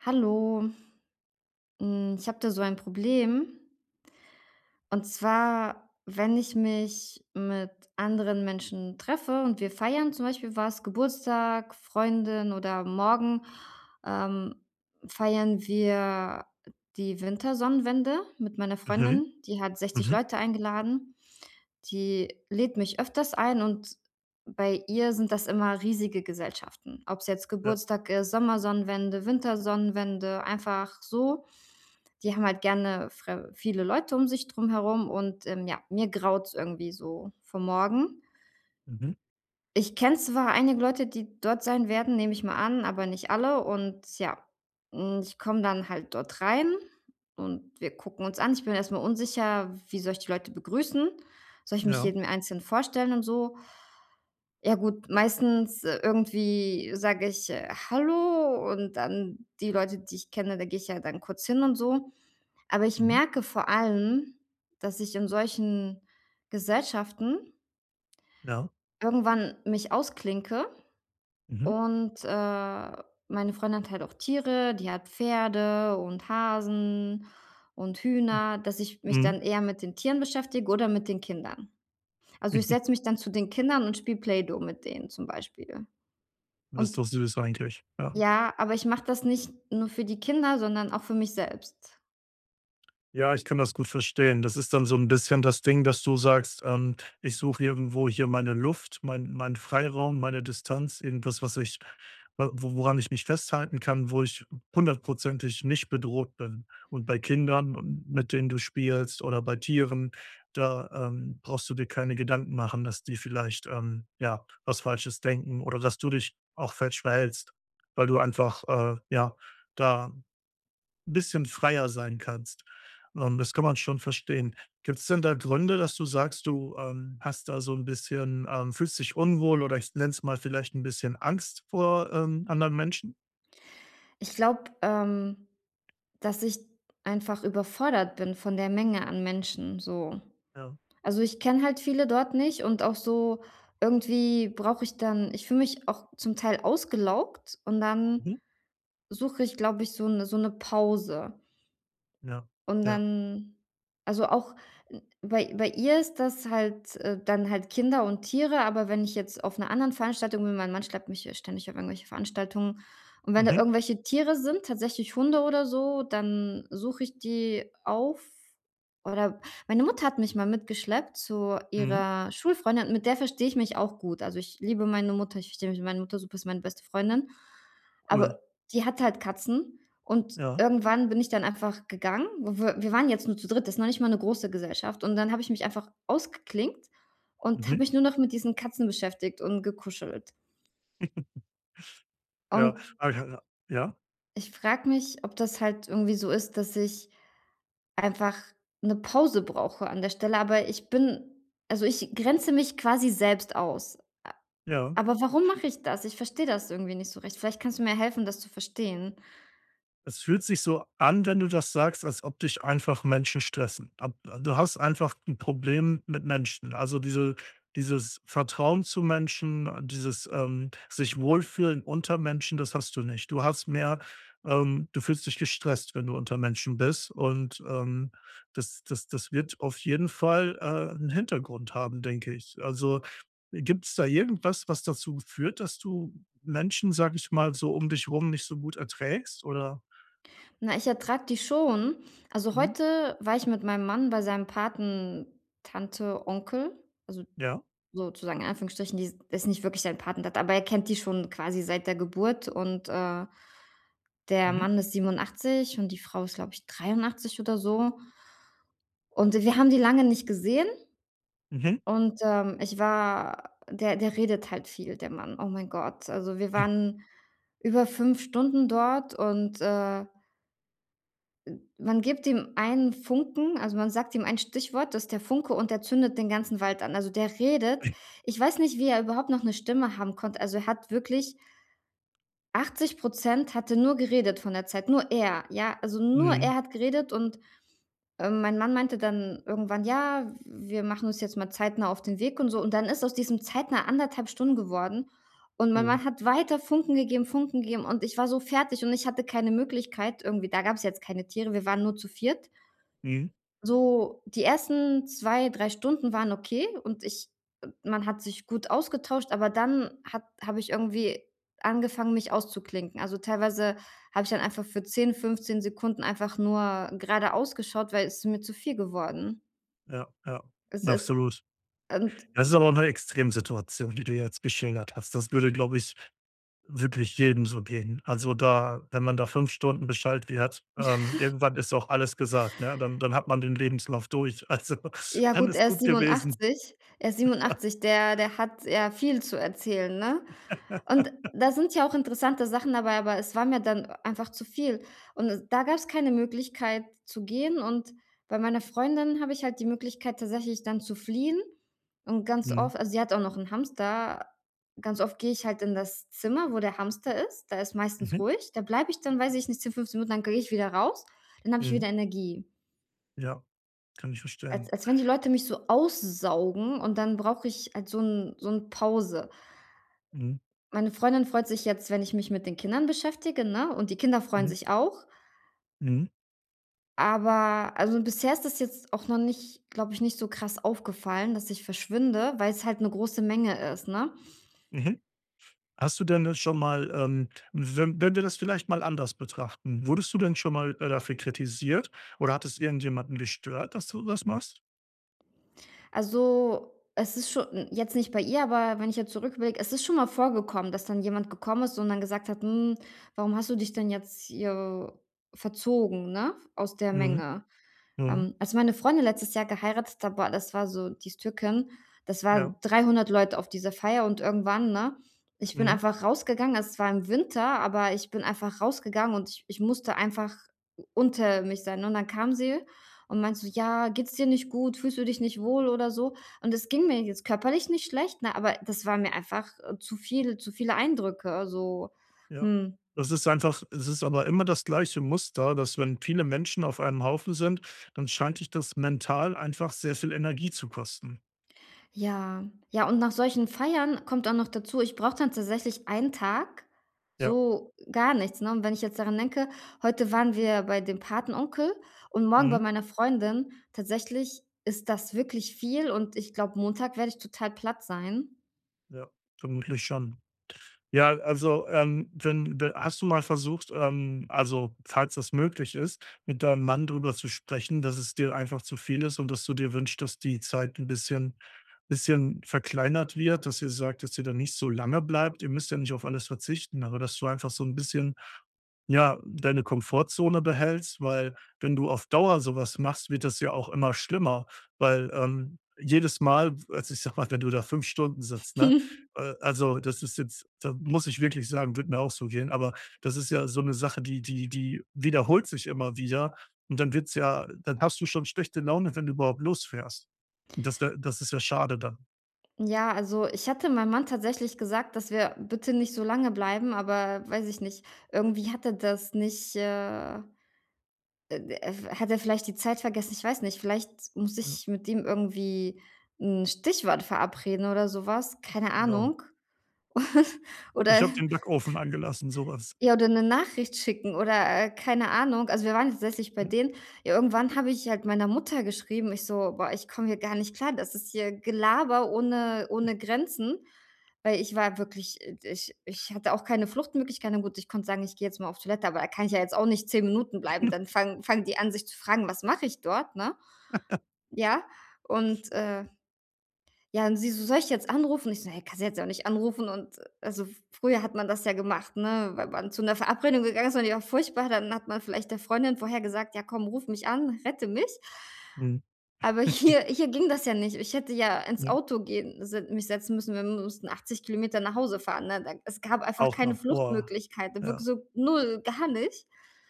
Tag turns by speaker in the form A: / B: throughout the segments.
A: Hallo. Hm, ich habe da so ein Problem und zwar, wenn ich mich mit anderen Menschen treffe und wir feiern zum Beispiel was, Geburtstag, Freundin oder morgen, ähm, feiern wir die Wintersonnenwende mit meiner
B: Mhm.
A: Freundin, die hat 60
B: Mhm.
A: Leute eingeladen. Die lädt mich öfters ein, und bei ihr sind das immer riesige Gesellschaften, ob's jetzt
B: Ja.
A: Geburtstag ist, Sommersonnenwende, Wintersonnenwende, einfach so. Die haben halt gerne fre viele Leute um sich drumherum und, ähm, ja, mir graut's irgendwie so vor morgen.
B: Mhm.
A: Ich kenne zwar einige Leute, die dort sein werden, nehme ich mal an, aber nicht alle. Und ja, hm, ich komme dann halt dort rein und wir gucken uns an. Ich bin erstmal unsicher, wie soll ich die Leute begrüßen, soll ich mich
B: Ja.
A: jedem einzeln vorstellen und so? Ja, gut, meistens, äh, irgendwie sage ich, äh: „Hallo“ und dann die Leute, die ich kenne, da gehe ich ja dann kurz hin und so. Aber ich
B: Mhm.
A: merke vor allem, dass ich in solchen Gesellschaften
B: Ja.
A: irgendwann mich ausklinke.
B: Mhm.
A: Und, äh, meine Freundin hat halt auch Tiere, die hat Pferde und Hasen und Hühner dass ich
B: Hm.
A: mich
B: Mhm.
A: dann eher mit den Tieren beschäftige oder mit den Kindern. Also, ich setze mich dann zu den Kindern und spiele Play-Doh mit denen zum Beispiel
B: Das ist
A: und
B: doch süß eigentlich, ja.
A: Ja, aber ich mache das nicht nur für die Kinder, sondern auch für mich selbst.
B: Ja, ich kann das gut verstehen. Das ist dann so 'n bisschen das Ding, dass du sagst: „Ähm, ich suche irgendwo hier meine Luft, mein meinen Freiraum, meine Distanz, irgendwas, was ich w woran ich mich festhalten kann, wo ich hundertprozentig nicht bedroht bin.“ Und bei Kindern und mit denen du spielst, oder bei Tieren, da, ähm, brauchst du dir keine Gedanken machen, dass die vielleicht, ähm, ja, was Falsches denken oder dass du dich auch falsch verhältst, weil du einfach, äh, ja, da bisschen freier sein kannst. Und das kann man schon verstehen. Gibt's denn da Gründe, dass du sagst, du, ähm, hast da so 'n bisschen ähm, fühlst dich unwohl, oder, ich nenne es mal vielleicht 'n bisschen Angst vor, ähm, anderen Menschen?
A: Ich glaube, ähm, dass ich einfach überfordert bin von der Menge an Menschen, so.
B: Ja.
A: Also, ich kenne halt viele dort nicht und auch so irgendwie brauche ich dann ich fühle mich auch zum Teil ausgelaugt, und dann
B: Mhm.
A: suche ich, glaube ich, so 'ne so 'ne Pause.
B: Ja,
A: Und
B: ja.
A: dann also, auch bei bei ihr ist das halt, äh, dann halt Kinder und Tiere. Aber wenn ich jetzt auf 'ner anderen Veranstaltung bin mein Mann schleppt mich ja ständig auf irgendwelche Veranstaltungen, und wenn da
B: Mhm.
A: irgendwelche Tiere sind, tatsächlich Hunde oder so, dann suche ich die auf, oder meine Mutter hat mich mal mitgeschleppt zu
B: Mhm.
A: ihrer Schulfreundin, und mit der verstehe ich mich auch gut. Also, ich liebe meine Mutter, ich verstehe mich mit meiner Mutter super, ist meine beste Freundin.
B: Cool.
A: Aber die hat halt Katzen. Und
B: Ja.
A: irgendwann bin ich dann einfach gegangen. W wir waren jetzt nur zu dritt, das ist noch nicht mal 'ne große Gesellschaft. Und dann habe ich mich einfach ausgeklinkt und habe
B: Mhm.
A: mich nur noch mit diesen Katzen beschäftigt und gekuschelt.
B: Ja,
A: Und
B: [unintelligible] ja?
A: ich frage mich, ob das halt irgendwie so ist, dass ich einfach 'ne Pause brauche an der Stelle. Aber ich bin also, ich grenze mich quasi selbst aus. Äh.
B: Ja.
A: Aber warum mache ich das? Ich verstehe das irgendwie nicht so recht. Vielleicht kannst du mir helfen, das zu verstehen.
B: Es fühlt sich so an, wenn du das sagst, als ob dich einfach Menschen stressen. Ab du hast einfach 'n Problem mit Menschen, also, diese dieses Vertrauen zu Menschen, dieses, ähm, sich wohlfühlen unter Menschen, das hast du nicht. Du hast mehr ähm, du fühlst dich gestresst, wenn du unter Menschen bist, und, ähm, das das das wird auf jeden Fall, äh, 'n Hintergrund haben, denke ich. Also, äh, gibt's da irgendwas, was dazu führt, dass du Menschen, sage ich mal so, um dich rum nicht so gut erträgst, oder?
A: Na, ich ertrage die schon. Also,
B: Mhm.
A: heute war ich mit meinem Mann bei seinem Patentante Onkel, also,
B: Ja.
A: sozusagen in Anführungsstrichen. Die die ist nicht wirklich seine Patentante, aber er kennt die schon quasi seit der Geburt und, äh der
B: Mhm.
A: Mann ist 87 und die Frau ist, glaube ich, 83 oder so und wir haben die lange nicht gesehen
B: Mhm.
A: und, ähm, ich war der der redet halt viel, der Mann, oh mein Gott. Also, wir waren über 5 Stunden dort und, äh Man gibt ihm einen Funken. Also, man sagt ihm ein Stichwort, das ist der Funke, und der zündet den ganzen Wald an. Also, der redet. Ich weiß nicht, wie er überhaupt noch 'ne Stimme haben konnte, also, er hat wirklich 80% hat er nur geredet von der Zeit. Nur er, ja, also, nur
B: Mhm.
A: er hat geredet. Und, ähm, mein Mann meinte dann irgendwann: „Ja, w wir machen uns jetzt mal zeitnah auf den Weg“, und so. Und dann ist aus diesem zeitnah 1 1/2 Stunden geworden. Und mein
B: Oh.
A: Mann hat weiter Funken gegeben, Funken gegeben. Und ich war so fertig und ich hatte keine Möglichkeit, irgendwie Da gab es jetzt keine Tiere, wir waren nur zu viert.
B: Mhm.
A: So die ersten 2, 3 Stunden waren okay und ich man hat sich gut ausgetauscht, aber dann hat habe ich irgendwie angefangen, mich auszuklinken. Also, teilweise habe ich dann einfach für 10, 15 Sekunden einfach nur geradeaus geschaut, weil ist mir zu viel geworden.
B: Ja, ja,
A: Es ist
B: absolut.
A: und
B: Das ist aber auch 'ne Extremsituation, die du jetzt geschildert hast. Das würde, glaube ich, wirklich jedem so gehen. Also, da wenn man da 5 Stunden beschallt wird. Ähm, irgendwann ist auch alles gesagt, ne? Dann dann hat man den Lebenslauf durch. Also,
A: Ja
B: dann
A: gut,
B: ist es
A: er ist
B: gut gewesen.
A: 87. Er ist
B: Ja.
A: 87. Der der hat, ja, viel zu erzählen, ne? Und da sind ja auch interessante Sachen dabei, aber es war mir dann einfach zu viel. Und da gab's keine Möglichkeit zu gehen, und bei meiner Freundin habe ich halt die Möglichkeit tatsächlich dann zu fliehen und ganz
B: Mhm.
A: oft also, sie hat auch noch 'n Hamster. Ganz oft gehe ich halt in das Zimmer, wo der Hamster ist. Da ist meistens
B: Mhm.
A: ruhig. Da bleibe ich dann weiß ich nicht, 10, 15 Minuten, dann gehe ich wieder raus, dann habe ich
B: Mhm.
A: wieder Energie.
B: Ja, kann ich
A: Als
B: verstehen.
A: als wenn die Leute mich so aussaugen und dann brauche ich halt so 'n so 'n Pause.
B: Mhm.
A: Meine Freundin freut sich jetzt, wenn ich mich mit den Kindern beschäftige, ne, und die Kinder freuen
B: Mhm.
A: sich auch.
B: Mhm.
A: Aber, also, bisher ist das jetzt auch noch nicht glaube ich, nicht so krass aufgefallen, dass ich verschwinde, weil's halt 'ne große Menge ist, ne?
B: Mhm. Hast du denn, äh, schon mal ähm, we wenn wir das vielleicht mal anders betrachten, wurdest du denn schon mal, äh, dafür kritisiert oder hat es irgendjemanden gestört, dass du das machst?
A: Also, es ist scho n jetzt nicht bei ihr, aber wenn ich jetzt zurücküberlege, es ist schon mal vorgekommen, dass dann jemand gekommen ist und dann gesagt hat: „Hm, warum hast du dich denn jetzt hier verzogen, ne, aus der
B: Mhm.
A: Menge?”
B: Mhm.
A: Ähm, als meine Freundin letztes Jahr geheiratet hat, boah, das war so die ist Türkin, das waren
B: Ja.
A: 300 Leute auf dieser Feier und irgendwann, ne, ich bin
B: Mhm.
A: einfach rausgegangen. Es war im Winter, aber ich bin einfach rausgegangen und ich ich musste einfach unter mich sein, ne? Und dann kam sie und meinte so: „Ja, geht's dir nicht gut? Fühlst du dich nicht wohl oder so?” und es ging mir jetzt körperlich nicht schlecht, ne, aber das war mir einfach, äh, zu viel zu viele Eindrücke, so,
B: Ja,
A: hm.
B: das ist einfach es ist aber immer das gleiche Muster, dass, wenn viele Menschen auf einem Haufen sind, dann scheint dich das mental einfach sehr viel Energie zu kosten.
A: Ja. Ja, und nach solchen Feiern, kommt auch noch dazu, ich brauche dann tatsächlich einen Tag
B: Ja.
A: so gar nichts, ne, und wenn ich jetzt daran denke: „Heute waren wir bei dem Patenonkel und morgen bei
B: Mhm.
A: meiner Freundin.” Tatsächlich, ist das wirklich viel, und ich glaube, Montag werde ich total platt sein.
B: Ja, vermutlich schon. Ja, also, ähm, wenn de hast du mal versucht, ähm, also, falls das möglich ist, mit deinem Mann drüber zu sprechen, dass es dir einfach zu viel ist und dass du dir wünschst, dass die Zeit 'n bisschen bisschen verkleinert wird, dass ihr sagt, dass ihr da nicht so lange bleibt? Ihr müsst ja nicht auf alles verzichten, aber dass du einfach so 'n bisschen, ja, deine Komfortzone behältst, weil, wenn du auf Dauer sowas machst, wird das ja auch immer schlimmer, weil, ähm, jedes Mal also, ich sage mal, wenn du da 5 Stunden sitzt, ne, äh, also, das ist jetzt da muss ich wirklich sagen, würde mir auch so gehen. Aber das ist ja so 'ne Sache, die die die wiederholt sich immer wieder und dann wird's ja dann hast du schon schlechte Laune, wenn du überhaupt losfährst, und das wäre das ist ja schade dann.
A: Ja. Also, ich hatte meinem Mann tatsächlich gesagt, dass wir bitte nicht so lange bleiben, aber, weiß ich nicht, irgendwie hat er das nicht, äh, äh, d hat er vielleicht die Zeit vergessen. Ich weiß nicht, vielleicht muss
B: Ja
A: ich mit ihm irgendwie 'n Stichwort verabreden oder sowas, keine
B: Genau.
A: Ahnung,
B: „Ich
A: oder
B: habe den Backofen angelassen”, sowas.
A: Ja, oder 'ne Nachricht schicken oder, äh, keine Ahnung. Also, wir waren tatsächlich bei
B: Ne.
A: denen, ja, irgendwann habe ich halt meiner Mutter geschrieben. Ich so: „Boah, ich komme hier gar nicht klar, das ist hier Gelaber ohne ohne Grenzen“, weil ich war wirklich ich ich hatte auch keine Fluchtmöglichkeiten na gut, ich konnte sagen: „Ich gehe jetzt mal auf Toilette“, aber da kann ich ja jetzt auch nicht 10 Minuten bleiben, dann fangen fangen die an, sich zu fragen, was mache ich dort, ne? Ja, und, äh ja, und sie so: „Soll ich jetzt anrufen?“ Ich so: „Ne, kannst du jetzt auch nicht anrufen.“ Und, also, früher hat man das ja gemacht, ne, wa wann zu 'ner Verabredung gegangen ist und die war furchtbar, dann hat man vielleicht der Freundin vorher gesagt: „Ja, komm, ruf mich an, rette mich.“
B: Mhm.
A: Aber hier hier ging das ja nicht. Ich hätte ja ins
B: Hm.
A: Auto gehen, s mich setzen müssen. Wir mussten 80 km nach Hause fahren, ne, d es gab einfach
B: Auch
A: keine
B: noch. Boah,
A: Fluchtmöglichkeit, wirk
B: ja.
A: so null, gar nicht.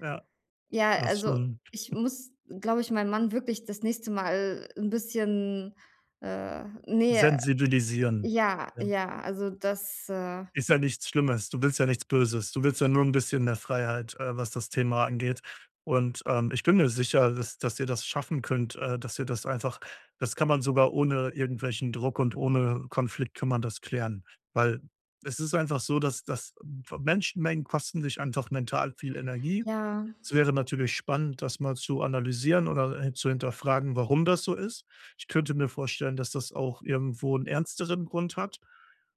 B: Ja,
A: Ja,
B: das ist
A: also,
B: schon
A: ich muss, glaube ich, meinem Mann wirklich das nächste Mal 'n bisschen äh, ne.
B: Sensibilisieren,
A: Ja,
B: ja.
A: ja. Also das, äh
B: Ist ja nichts Schlimmes. Du willst ja nichts Böses, du willst ja nur 'n bisschen mehr Freiheit, äh, was das Thema angeht, und, ähm, ich bin mir sicher, dass dass ihr das schaffen könnt, äh, dass ihr das einfach das kann man sogar ohne irgendwelchen Druck und ohne Konflikt kann man das klären, weil es ist einfach so, dass dass w Menschenmengen kosten dich einfach mental viel Energie.
A: Ja.
B: Es wäre natürlich spannend, das mal zu analysieren oder, äh, zu hinterfragen, warum das so ist. Ich könnte mir vorstellen, dass das auch irgendwo 'n ernsteren Grund hat.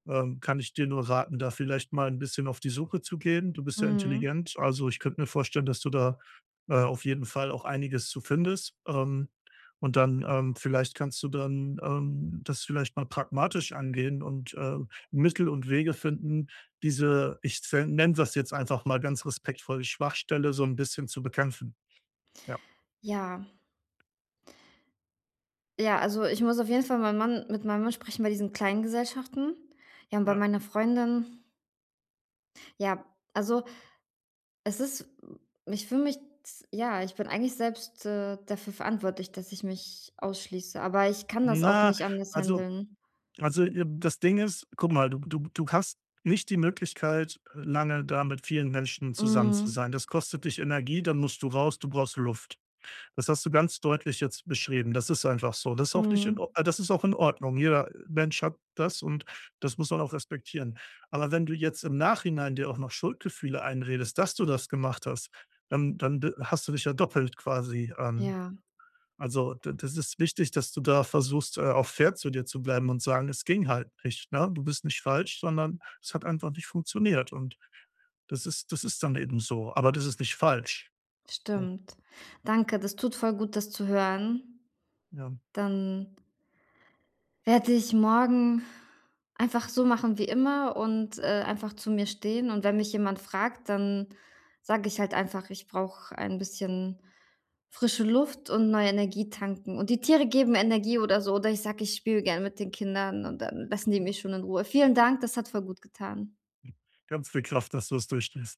B: Äh, kann ich dir nur raten, da vielleicht mal 'n bisschen auf die Suche zu gehen. Du bist ja
A: Mhm.
B: intelligent, also, ich könnte mir vorstellen, dass du da, äh, auf jeden Fall auch einiges zu findest, ähm, und dann ähm, vielleicht kannst du dann, ähm, das vielleicht mal pragmatisch angehen und, äh, Mittel und Wege finden, diese ich zen nenne das jetzt einfach mal ganz respektvoll die „Schwachstelle” so 'n bisschen zu bekämpfen. Ja.
A: Ja. Ja, also, ich muss auf jeden Fall meinen Mann mit meinem Mann sprechen bei diesen kleinen Gesellschaften. Ja, und bei
B: Ja.
A: meiner Freundin Ja, also, es ist ich fühle mich, ts ja, ich bin eigentlich selbst, äh, dafür verantwortlich, dass ich mich ausschließe, aber ich kann das auch
B: Na,
A: nicht anders
B: also,
A: handeln.
B: also, äh, das Ding ist Guck mal, du du du hast nicht die Möglichkeit, lange da mit vielen Menschen zusammen zu
A: Mhm.
B: sein. Das kostet dich Energie. Dann musst du raus. Du brauchst Luft. Das hast du ganz deutlich jetzt beschrieben. Das ist einfach so. Das ist auch nicht in
A: Mhm.
B: Or äh, das ist auch in Ordnung. Jeder Mensch hat das, und das muss man auch respektieren. Aber wenn du jetzt im Nachhinein dir auch noch Schuldgefühle einredest, dass du das gemacht hast, dann dann d hast du dich ja doppelt quasi ähm,
A: Ja.
B: also, d das ist wichtig, dass du da versuchst, äh, auch fair zu dir zu bleiben und sagen, es ging halt nicht, ne? Du bist nicht falsch, sondern es hat einfach nicht funktioniert. Und das ist das ist dann eben so. Aber das ist nicht falsch. [unintelligible]
A: Stimmt. Danke, das tut voll gut, das zu hören.
B: Ja.
A: Dann werde ich morgen einfach so machen wie immer und, äh, einfach zu mir stehen. Und wenn mich jemand fragt, dann sage ich halt einfach: „Ich brauche ein bisschen frische Luft und neue Energie tanken. Und die Tiere geben Energie“ oder so. Oder ich sage: „Ich spiele gerne mit den Kindern“, und dann lassen die
B: Ja.
A: mich schon in Ruhe. Vielen Dank, das hat voll gut getan.
B: Ganz viel Kraft, dass du es durchstehst.